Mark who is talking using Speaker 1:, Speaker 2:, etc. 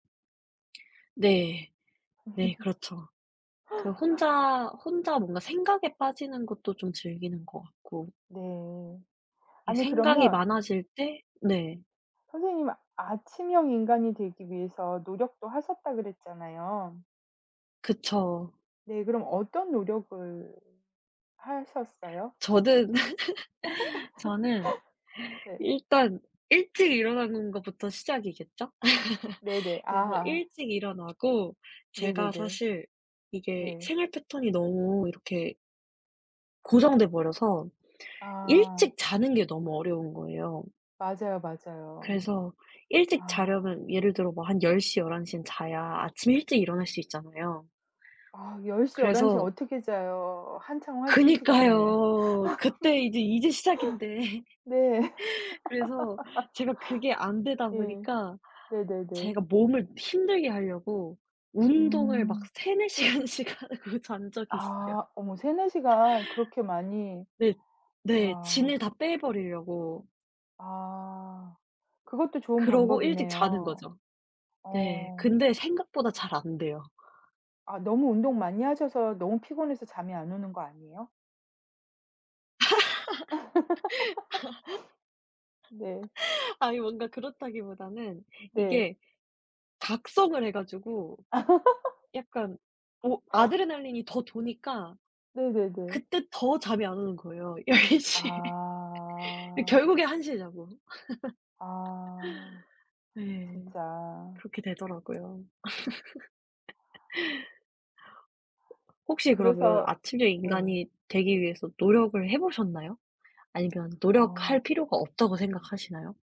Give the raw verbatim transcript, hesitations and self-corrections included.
Speaker 1: 네. 네 그렇죠. 그 혼자 혼자 뭔가 생각에 빠지는 것도 좀 즐기는 것 같고
Speaker 2: 네.
Speaker 1: 이
Speaker 2: 아니
Speaker 1: 생각이
Speaker 2: 그러면
Speaker 1: 많아질 때 네.
Speaker 2: 선생님은 아침형 인간이 되기 위해서 노력도 하셨다 그랬잖아요.
Speaker 1: 그쵸.
Speaker 2: 네. 그럼 어떤 노력을 하셨어요?
Speaker 1: 저는 저는
Speaker 2: 네.
Speaker 1: 일단 일찍 일어나는 것부터 시작이겠죠?
Speaker 2: 네네.
Speaker 1: 그래서
Speaker 2: 아아.
Speaker 1: 일찍 일어나고 제가
Speaker 2: 네네네.
Speaker 1: 사실 이게
Speaker 2: 네.
Speaker 1: 생활 패턴이 너무 이렇게 고정돼 버려서
Speaker 2: 아.
Speaker 1: 일찍 자는 게 너무 어려운 거예요.
Speaker 2: 맞아요, 맞아요.
Speaker 1: 그래서 일찍
Speaker 2: 아.
Speaker 1: 자려면 예를 들어 뭐 한 열 시, 열한 시 에는 자야 아침 일찍 일어날 수 있잖아요.
Speaker 2: 아 열 시, 열한 시 에
Speaker 1: 그래서
Speaker 2: 어떻게 자요 한창 활동 시간에.
Speaker 1: 그니까요. 그때 이제 이제 시작인데.
Speaker 2: 네.
Speaker 1: 그래서 제가 그게 안 되다
Speaker 2: 예.
Speaker 1: 보니까
Speaker 2: 네네네.
Speaker 1: 제가 몸을 힘들게 하려고 운동을 막
Speaker 2: 음.
Speaker 1: 세네 시간씩 하고 잔 적이 있어요.
Speaker 2: 아. 어머 세네 시간 그렇게 많이.
Speaker 1: 네. 네. 진을
Speaker 2: 와.
Speaker 1: 다 빼 버리려고.
Speaker 2: 아. 그것도 좋은
Speaker 1: 그러고 일찍 자는
Speaker 2: 방법이네요.
Speaker 1: 거죠. 네.
Speaker 2: 어.
Speaker 1: 근데 생각보다 잘 안 돼요.
Speaker 2: 아 너무 운동 많이 하셔서 너무 피곤해서 잠이 안 오는 것 아니에요? 네.
Speaker 1: 아니 뭔가 그렇다기보다는
Speaker 2: 네.
Speaker 1: 이게 각성을 해 가지고 약간 어 아드레날린이 더 도니까
Speaker 2: 네네네.
Speaker 1: 그때 더 잠이 안 오는 거예요. 열 시 에. 예
Speaker 2: 아.
Speaker 1: 결국엔 한 시 에 자고.
Speaker 2: 아.
Speaker 1: 네.
Speaker 2: 진짜.
Speaker 1: 그렇게 되더라고요. 혹시 그러면
Speaker 2: 그래서
Speaker 1: 아침형
Speaker 2: 예.
Speaker 1: 인간이 되기 위해서 노력을 해 보셨나요? 아니면 노력할
Speaker 2: 어.
Speaker 1: 필요가 없다고 생각하시나요?